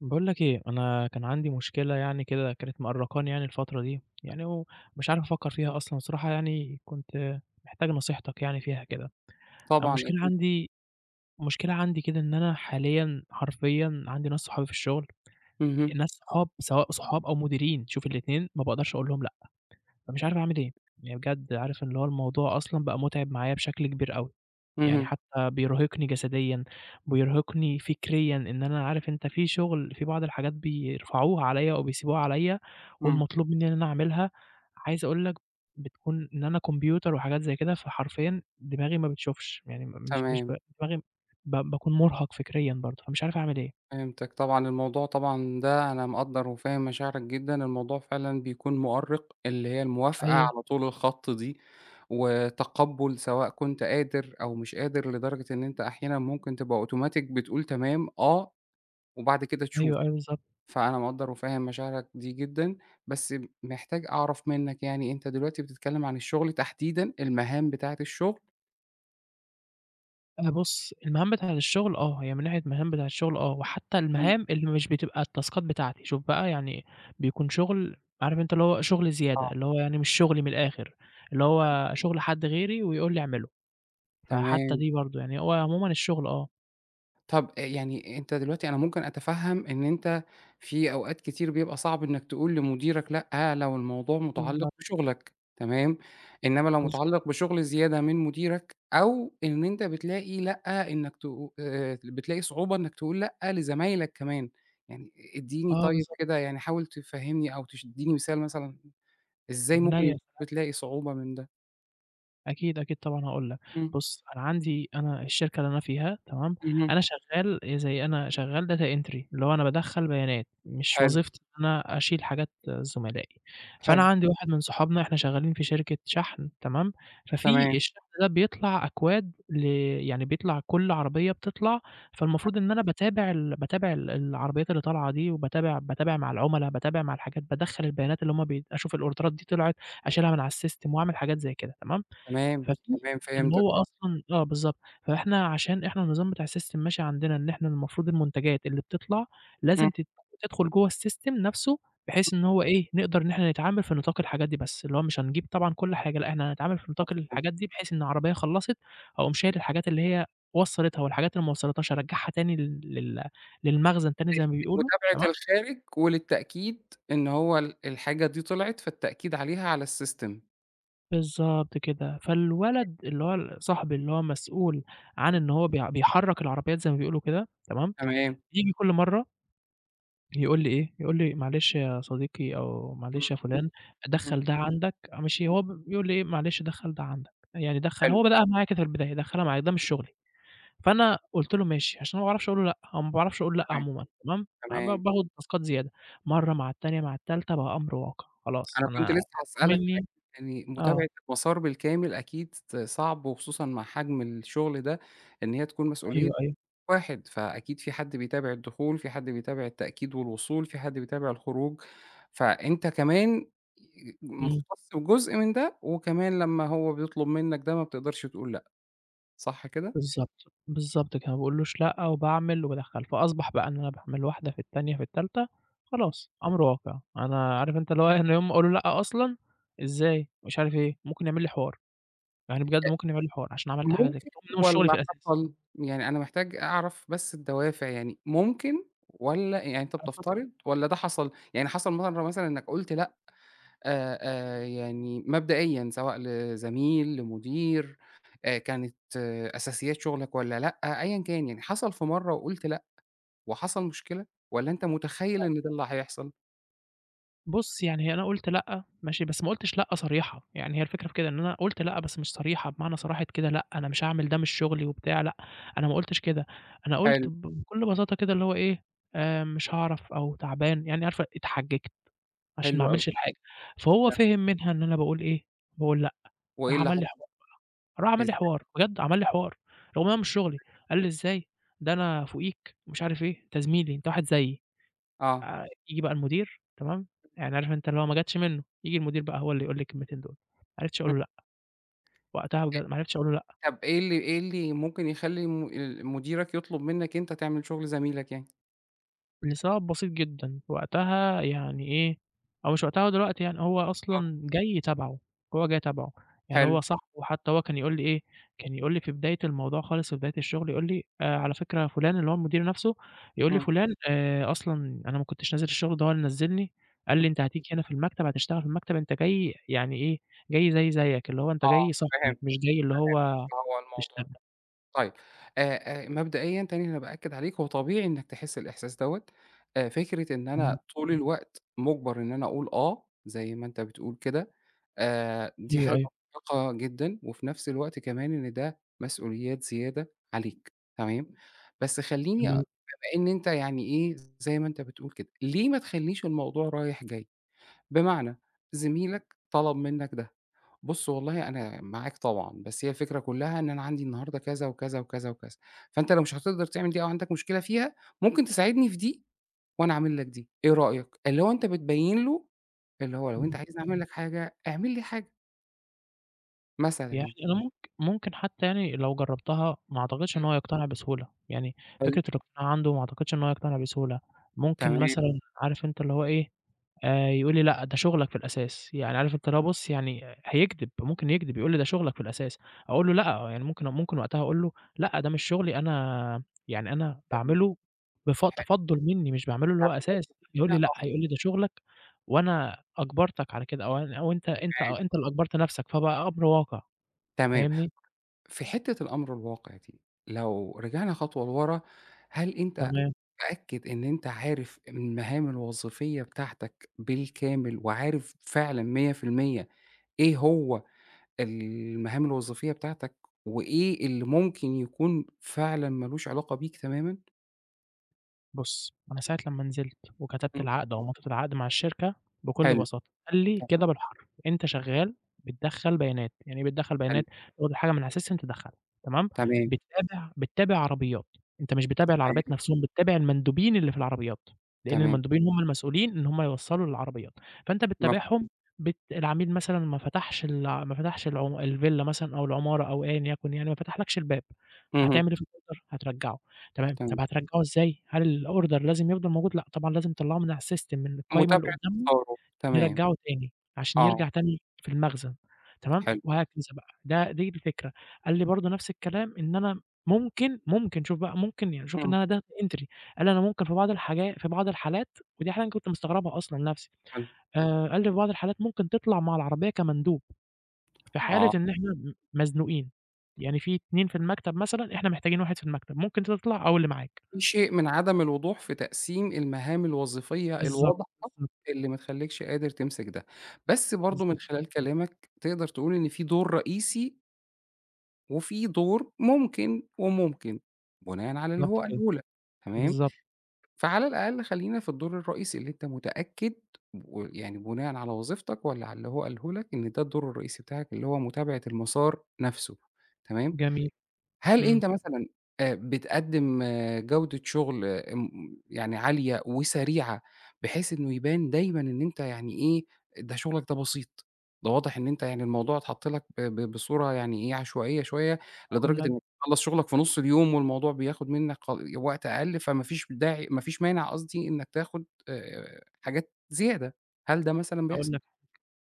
باقول لك إيه، أنا كان عندي مشكلة يعني كده كانت مأرّقاني يعني الفترة دي يعني ومش عارف أفكّر فيها أصلًا بصراحة، يعني كنت محتاج نصيحتك يعني فيها كده. طبعًا المشكلة أكيد. عندي مشكلة عندي كده إن أنا حاليًا حرفيًا عندي ناس صحابي في الشُغل، اهم. ناس صحاب سواء صحاب أو مديرين، شوف الاتنين ما باقدرش أقول لهم لأ، فمش عارف أعمل إيه. يعني بجد عارف اللي هو الموضوع أصلًا بقى مُتعب معايا بشكل كبير أوي. يعني اهم. حتّى بيرهقني جسديًا، بيرهقني فكريًا إن أنا عارف أنت في شُغل في بعض الحاجات بيرفعوها عليّا أو بيسيبوها عليّا إمم. والمطلوب منّي إن أنا أعملها. عايز أقول لك بتكون إن أنا كمبيوتر وحاجات زي كده، فحرفيًا دماغي ما بتشوفش، يعني م مش مش تمام. دماغي ب باكون مُرهق فكريًا برضه، فمش عارف أعمل إيه. فهمتك طبعًا. الموضوع طبعًا ده أنا مقدّر وفاهم مشاعرك جدًا، الموضوع فعلًا بيكون مؤرِّق اللي هي الموافقة أيوه. على طول الخط دي وتقبُّل سواء كنت قادر أو مش قادر لدرجة إن أنت أحيانًا ممكن تبقى أوتوماتيك بتقول تمام، آه، وبعد كده تشوف. أيوه، أيوه، بالضبط. فأنا مقدّر وفاهم مشاعرك دي جدًا، بس محتاج أعرف منّك يعني أنت دلوقتي بتتكلِّم عن الشُغل تحديدًا، المهام بتاعة الشُغل؟ أنا بُص المهام بتاعة الشغل، آه هي من ناحية المهام بتاعة الشغل، آه، وحتى إمم. المهام اللي مش بتبقى التاسكات بتاعتي، شوف بقى يعني بيكون شغل، عارف أنت اللي هو شغل زيادة، آه. اللي هو يعني مش شغلي من الآخر، اللي حلو. هو شغل حد غيري ويقول لي اعمله، فحتى تمام. دي برضه، يعني هو عمومًا الشغل آه. طب أ يعني أنت دلوقتي أنا ممكن أتفهم إن أنت في أوقات كتير بيبقى صعب إنك تقول لمديرك لأ، لو الموضوع مُتعلّق بالضبط. بشغلك، تمام، إنما لو بالضبط. مُتعلّق بشغل زيادة من مديرك، أو إن أنت بتلاقي لأ إنك ت آآ بتلاقي صعوبة إنك تقول لأ لزمايلك كمان، يعني إديني آه، طيب بالضبط. كده، يعني حاول تفهِّمني أو تش اديني مثال مثلًا إزاي من عينيا، ممكن يا سلام. بتلاقي صعوبة من ده؟ أكيد، أكيد طبعًا هاقول لك، إمم. بُص أنا عندي أنا الشركة اللي أنا فيها، تمام؟ اهم. أنا شغال زي أنا شغال data entry اللي هو أنا بادخل بيانات، مش حلو. وظيفتي إن أنا أشيل حاجات زملائي، فأنا حلو. عندي واحد من صُحابنا إحنا شغالين في شركة شحن، تمام؟ تمام. ففي الشحن ده بيطلع أكواد ل يعني بيطلع كل عربية بتطلع تم فالمفروض إن أنا باتابع ال باتابع ال العربيات اللي طالعة دي وباتابع باتابع مع العملاء، باتابع مع الحاجات، بادخل البيانات اللي هُم بي أشوف الأوردرات دي طلعت، أشيلها من على الsystem وأعمل حاجات زي كده تمام، تمام ففي تمام، اللي فهمتك هو آه. أصلًا آه، بالضبط. فإحنا عشان إحنا النظام بتاع الsystem ماشي عندنا إن إحنا المفروض المنتجات اللي بتطلع، إمم. لازم تد تدخل جو الsystem نفسه، بحيث إن امم. هو إيه، نقدر إن إحنا نتعامل في نطاق الحاجات دي بس، اللي هو مش هنجيب طبعًا كل حاجة إحنا هنتعامل في نطاق مفهوم. الحاجات دي، بحيث إن عربية خلّصت، أقوم شايل مفهوم. الحاجات اللي هي وصلّتها، والحاجات اللي ما وصلّتهاش أرجّعها تاني لل للمخزن تاني زي ما ماشي، بيقولوا، تمام؟ متابعة الخارج، وللتأكيد إن هو ال الحاجة دي طلعِت، فالتأكيد عليها على الsystem. بالضبط كده. تمام. فالولد اللي هو ال صاحبي اللي هو مسؤول عن إن هو بي بيحرّك العربيّات زي ما بيقولوا كده، تمام، تمام. بييجي كل مرّة يقول لي إيه، يقول لي: "معلش يا صديقي أو إمم. معلش يا فُلان، إمم. دخّل ده عندك." ماشي، هو ب بيقول إيه: "معلش دخّل ده عندك." يعني دخّل حلو. هو بدأها معايا كده في البداية، "دخّلها معايا." ده مش شُغلي. فأنا قُلت له: "ماشي." عشان ما باعرفش أقول له لأ، أو ما باعرفش أقول لأ تمام. عمومًا تمام، ع ب تمام. باخُد تاسكات زيادة. مرّة، مع التانية، مع التالتة، بقى أمر واقع. خلاص أنا أنا كنت لسّه مطلوب هاسألك منّي عن يعني آه. متابعة المسار بالكامل أكيد ص صعب وخصوصًا مع حجم الشُغل ده، إن هي تكون مسؤولية أيوه، أيوه. واحد، فأكيد في حد بيتابع الدخول، في حد بيتابع التأكيد والوصول، في حد بيتابع الخروج، فأنت كمان ي إمم. مُختّص وجزء من ده وكمان لمّا هو بيطلب منّك ده، ما بتقدرش تقول لأ، صح كده؟ بالضبط، بالضبط كده، ما باقولوش لأ وباعمل وبادخّل، فأصبَح بقى إن أنا باعمل واحدة، في التانية، في التالتة، إمم. خلاص أمر واقع. أنا عارف أنت اللي هو إيه، أنا يوم ما أقول له لأ أصلًا، إزاي ومش عارف إيه، ممكن يعمل لي حوار. يعني بجد أ ممكن يعمل لي حوار عشان عملت حاجة زي كده ممكن وهو مش شُغلي في والّا الأساس. حصل؟ يعني أنا محتاج أعرف بس الدوافع، يعني ممكن والّا يعني أنت آه، اتفضّل. بتفترض والّا ده حصل؟ يعني حصل مَرّة مثلًا إنّك قُلت لأ آآ، آآ يعني مبدئيًا سواء لزميل، لمدير، آآ كانت أساسيات شُغلك والّا لأ أيًا كان، يعني حصل في مرّة وقُلت لأ وحصل مشكلة والّا أنت أ مُتخيّل إن ده اللي هيحصل؟ بُصّ، يعني أنا قُلت: "لأ." ماشي، بس ما قُلتش لأ صريحة، يعني هي الفكرة في كده إن أنا قُلت لأ بس مش صريحة بمعنى صراحة كده لأ أنا مش هاعمل ده مش شُغلي وبتاع، لأ أنا ما قُلتش كده، أنا حلو. قُلت ب بكُلّ بساطة كده اللي هو إيه آآ، مش هاعرف أو تعبان، يعني عارف أ إتحججت عشان ما حلو أوي. أعملش الحاجة، فهو تمام. فِهِم منها إن أنا باقول إيه، باقول لأ، وإيه راح اللي عمل لي حوار حصل؟ بقى راح عمل إز لي حوار، بجد عمل لي حوار، رغم هو مش شُغلي إزاي؟ قال لي: "إزاي، ده أنا فُوقيك." ومش عارف إيه، أنت زميلي أنت واحد زيي آه. آآ، ييجي بقى المدير، تمام؟ يعني عارف أنت اللي هو ما جتش منُّه، ييجي المدير بقى هو اللي يقول لي الكلمتين دُول، ما عرفتش أقول امم. له لأ، وقتها بجد [unintelligible] ما عرفتش أقول له لأ. طَب إيه اللي إيه اللي ممكن يخلّي الم ال مديرك يطلب منّك أنت تعمل شُغل زميلك يعني؟ لسبب بسيط جدًا، وقتها يعني إيه، هو مش وقتها هو دلوقتي يعني، هو آه. أصلًا جاي تبَعُه، هو جاي تبَعُه، يعني حلو. هو صاحبُه، حتى هو كان يقول لي إيه، كان يقول لي في بداية الموضوع خالص في بداية الشغل يقول لي آآ، على فكرة فُلان اللي هو المدير نفسُه، يقول لي: إمم. "فُلان آآ، أصلًا أنا ما كنتش نازل الشغل ده هو اللي نزّلني، قال امم. لي: 'أنت هتيجي هنا في المكتب هتشتغل في المكتب أنت جاي، يعني إيه، جاي زيي زيّك، اللي هو أنت آه، جاي صاحبي، فهمت مش جاي اللي فهمت هو هو الموضوع تشتغل.'" ده طيب، آآ، آآ، مبدئيًا تاني أنا بأكِّد عليك هو طبيعي إنّك تحس الإحساس دَوَّة أ فكرة إن امم. أنا طول الوقت مُجبَر إن أنا اقول آه، زي ما أنت بتقول كده آآ، دي أيوه، حاجة أيوه. مُرهقة جدًا، وفي نفس الوقت كمان إن ده مسؤوليات زيادة عليك، تمام، بس خلّيني أ جميل. بما إن أنت يعني إيه زي ما أنت بتقول كده، ليه ما تخليش الموضوع رايح جاي؟ بمعنى زميلك طَلَب منّك ده، بُصّ والله أنا معاك طبعًا، بس هي الفكرة كلّها إن أنا عندي النهارده كذا وكذا، وكذا، وكذا فأنت لو مش هاتقدر تعمل دي أو عندك مشكلة فيها ممكن تساعدني في دي، وأنا أعمل لك دي، إيه رأيك؟ اللي هو أنت بتبيّن له اللي هو لو أنت إمم. عايزني أعمل لك حاجة، أعمل لي حاجة. مثلًا يعني يعني. أنا ممك ممكن حتّى يعني لو جرّبتها ما اعتقدش امم. إن هو يقتنع بسهولة، يعني فكرة حلو. الاقتناع عنده ما أعتقدش إن هو يقتنع بسهولة، ممكن تمام. مثلًا عارف أنت اللي هو إيه، آآ يقول لي لأ ده شغلك في الأساس، يعني عارف أنت اللي هو بُصّ يعني هيكدب، ممكن يكدب يقول لي ده شغلك في الأساس، أقول له لأ يعني ممكن ممكن وقتها أقول له: "لأ ده مش شغلي أنا يعني أنا تمام، باعمله بف حلو. تفضُّل مني مش باعمله اللي هو أساس،" يقول لي: [unintelligible] "لأ" آه. هيقول لي: "ده شغلك وأنا أجبرتك على كده" أو أن أو أنت أنت تمام. أنت اللي أجبرت نفْسك، فبقى أمر واقع. تمام فاهمني؟ في حتّة الأمر الواقع دي، لو رجعنا خطوة لورا، هل أنت تمام. متأكد إن أنت عارف المهام الوظيفية بتاعتك بالكامل، وعارف فعلًا 100% إيه هو المهام الوظيفية بتاعتك، وإيه اللي ممكن يكون فعلًا ما لوش علاقة بيك تمامًا؟ بُصّ أنا ساعة لمّا نزلت وكتبت إمم. العقد أو مضيت العقد مع الشركة، بكلّ حلو، بساطة قال لي ت كده بالحرف، "أنت شغال بتدخّل بيانات" يعني إيه بتدخّل حلو. بيانات؟ تاخد الحاجة من علي الSystem تدخّلها تمام، تمام. بتتابع بتتابع عربيات، أنت مش بتتابع العربيات تمام. نفْسهم، بتتابع المندوبين اللي في العربيات، لإن تمام. المندوبين هُم المسؤولين إن هُم يوّصلوا للعربيات، فأنت مف بتتابعهم بت العميل مثلًا ما فتحش الع ما فتحش العم الفيلا مثلًا أو العمارة أو أيًا يكن يعني ما فتحلكش الباب، هتعمل اهم. إيه في الOrder؟ هترجّعه، تمام تمام. طب هترجّعوا إزاي؟ هل الOrder لازم يفضل موجود؟ لأ، طبعًا لازم تطلّعه من علي الSystem، من القايمة اللي متابعة قدّامهم آه، تمام، يرّجعوا تاني، عشان آه. يرجع تاني في المخزن، تمام، حلو. وهكذا بقى، ده دي الفكرة، قال لي برضه نفْس الكلام، إن أنا ممكن، ممكن شوف بقى ممكن يعني شوف إن امم. أنا Data entry، قال لي أنا ممكن في بعض الحاجا في بعض الحالات، ودي حاجة أنا كنت مستغربها أصلًا نفْسي حلو. آآ قال لي في بعض الحالات ممكن تطلع مع العربية كمندوب، في حالة آه. إن إحنا م مزنوقين، يعني في 2 في المكتب مثلًا، إحنا محتاجين واحد في المكتب ممكن تطلع أو اللي معاك. في شيء من عدم الوضوح في تقسيم المهام الوظيفية بالضبط، الواضحة، بالضبط. اللي ما تخلّيكش قادر تمسك ده، بس برضه من بالضبط كده. خلال كلامك، تقدر تقول إن في دور رئيسي وفي دور ممكن وممكن، بناءً على اللي هو بالضبط كده. قاله لك، تمام، بالضبط. فعلى الأقل خلّينا في الدور الرئيسي اللي أنت متأكد ويعني بناءً على وظيفتك والّا على اللي هو قاله لك، إن ده الدور الرئيسي بتاعك اللي هو متابعة المسار نفسه، تمام. جميل، هل إمم. أنت مثلًا آآ، بتقدم جودة شغل أم يعني عالية وسريعة بحيث إنه يبان دايمًا إن أنت يعني إيه، ده شغلك ده بسيط، ده واضح إن أنت يعني الموضوع اتحط لك ب ب بصورة يعني إيه، عشوائية شوية، أقول لدرجة لك إنك تخلص شغلك في نص اليوم والموضوع بياخد منك ق وقت أقل فما فيش داعي ما فيش مانع قصدي إنك تاخد آآ، حاجات زيادة. هل ده مثلًا أقول بيحصل؟ لك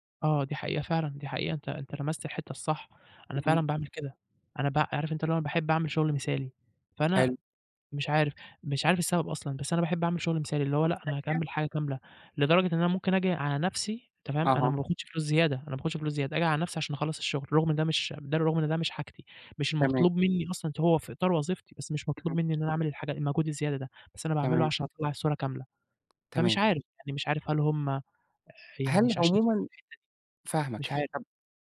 حاجة، آه، دي حقيقة فعلًا، دي حقيقة أنت أنت لمست الحتة الصح، أنا إمم. فعلًا باعمل كده أنا ب عارف أنت اللي هو باحب أعمل شغل مثالي، فأنا حلو مش عارف مش عارف السبب أصلًا، بس أنا باحب أعمل شغل مثالي، اللي هو لأ أنا هاكمل [unintelligible] الحاجة كاملة، لدرجة إن أنا ممكن آجي على نفسي تمام، أنا أها. ماباخدش فلوس زيادة أنا ماباخدش فلوس زيادة، آجي على نفسي عشان أخلص الشغل، رغم إن ده مش ده رغم إن ده مش حاجتي، مش تمام. المطلوب مني أصلًا، هو في إطار وظيفتي بس مش مطلوب اهم. مني إن أنا أعمل الحاجة المجهود الزيادة ده، بس أنا باعمله تمام. عشان أطلّع الصورة كاملة. فمش تمام. عارف، يعني مش عارف هل هم يعني هل مش عشان عمومًا [unintelligible] فاهماك. مش عارف. طب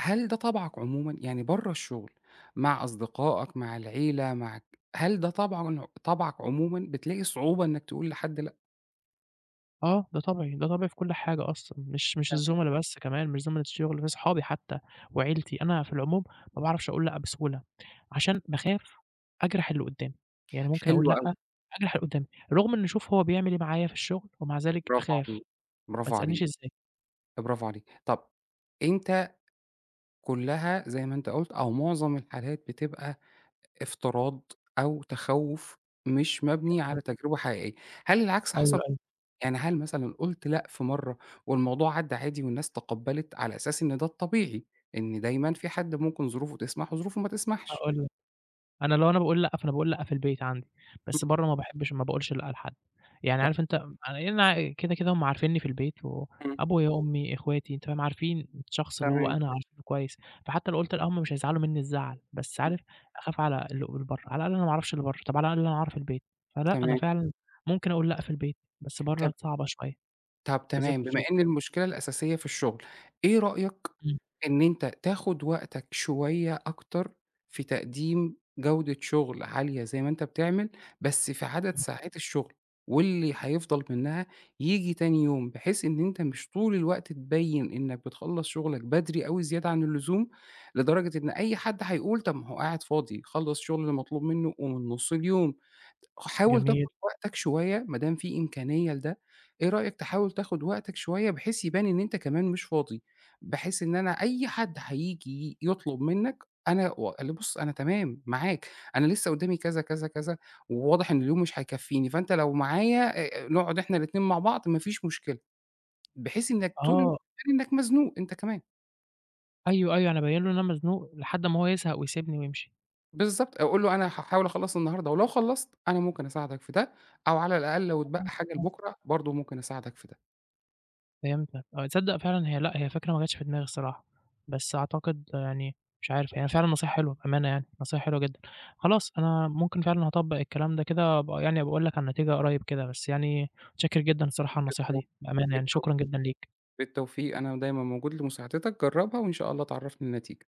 هل ده طبعك عمومًا؟ يعني برّا الشغل مع أصدقائك، مع العيلة، مع ك هل ده طبعًا طبعك عمومًا، بتلاقي صعوبة إنك تقول لحد لأ؟ آه، ده طبعي، ده طبعي في كل حاجة أصلًا، مش مش تمام. الزُمَلا بس كمان، مش زُمَلا الشغل بس، أصحابي حتى وعيلتي، أنا في العموم ما باعرفش أقول لأ بسهولة، عشان باخاف أجرح اللي قدامي، يعني ممكن أقول حلو أوي. لأ، أجرح اللي قدامي. رغم إن شوف هو بيعمل إيه معايا في الشغل، ومع ذلك Bravo أخاف، عليك، Bravo ما تسألنيش عليك، إزاي. Bravo عليك. طَب أنت كلّها زي ما أنت قلُت، أو معظم الحالات بتبقى افتراض أو تخوّف مش مبني على جميل. تجربة حقيقية، هل العكس أيوه، حصل؟ أيوه. يعني هل مثلًا قُلت لأ في مرة والموضوع عدّّى عادي والناس تقبّلِت؟ على أساس إن ده الطبيعي، إن دايمًا في حد ممكن ظروفه تسمح و ظروفه ما تسمحش. هاقول لك، أنا لو أنا باقول لأ، فأنا باقول لأ في البيت عندي، بس امم. برَّا ما باحبش وما باقولش لأ لحد، يعني تم عارف أنت يعني أنا كده، كده هُم عارفينّي في البيت امم. وأبويا، أمي، أخواتي، تمام، عارفين الشخص اللي هو تمام. أنا، عارفينه كويس، فحتى لو قُلت لأ هُم مش حيزعلوا منّي الزعل، بس امم. عارف أخاف على اللي ق برَّا، على الأقل أنا ما أعرفش اللي برَّا، طَب على الأقل أنا أعرف البيت، فلأ أنا تمام. فعلًا ممكن أقول لأ في البيت، بس برَّا طَب صعبة شوية، طَب بالذات تمام، في بما الشغل. إن المشكلة الأساسية في الشغل، إيه رأيك امم. إن أنت تاخد وقتك شوية أكتر في تقديم جودة شغل عالية زي ما أنت بتعمل، بس في عدد امم. ساعات الشغل، واللي حيفضل منها ييجي تاني يوم؟ بحيث إن أنت مش طول الوقت تبين إنك بتخلّص شغلك بدري أوي زيادة عن اللزوم، لدرجة إن أي حد حيقول: طَب ما هو قاعد فاضي، خلّص الشغل المطلوب منه ومن نُص اليوم. حاول جميل. تاخد وقتك شوية، ما دام في إمكانية لده، إيه رأيك تحاول تاخد وقتك شوية، بحيث يبان إن أنت كمان مش فاضي؟ بحيث إن أنا أي حد حييجي يطلب منك، أنا واللي بُص أنا تمام معاك، أنا لسه قدامي كذا، كذا، كذا، وواضح إن اليوم مش هيكفيني، فأنت لو معايا، آآ، نقعد إحنا الاتنين مع بعض ما فيش مشكلة، بحيث إنك طول الوقت آه. كإنك مزنوق أنت كمان. أيوه، أيوه، أنا أبيِّن له إن أنا مزنوق، لحد أمّا هو يزهق ويسيبني ويمشي. بالضبط أو قُل له: "أنا هاحاول أخلّص النهارده، ولو خلّصت أنا ممكن أساعدك في ده، أو- على الأقل- لو اتبقى امم، حاجة امم. لبُكرة، برضه ممكن أساعدك في ده." فهمتك آه، تصدق فعلًا هي لأ، هي فكرة ما جاتش في دماغي الصراحة، بس أعتقد يعني مش عارف يعني هي فعلًا نصيحة حلوة، بأمانة يعني، نصيحة حلوة جدًا. خلاص أنا ممكن فعلًا هاطبّق الكلام ده كده وأبقي يعني أبقي أقول لك على النتيجة قريب كده، بس يعني متشكر جدًا الصراحة على النصيحة بالتو دي، بأمانة يعني، بالتو شكرًا جدًا ليك. بالتوفيق، أنا دايمًا موجود لمساعدتك، جرَّبها، وإن شاء الله تعرّفني النتيجة.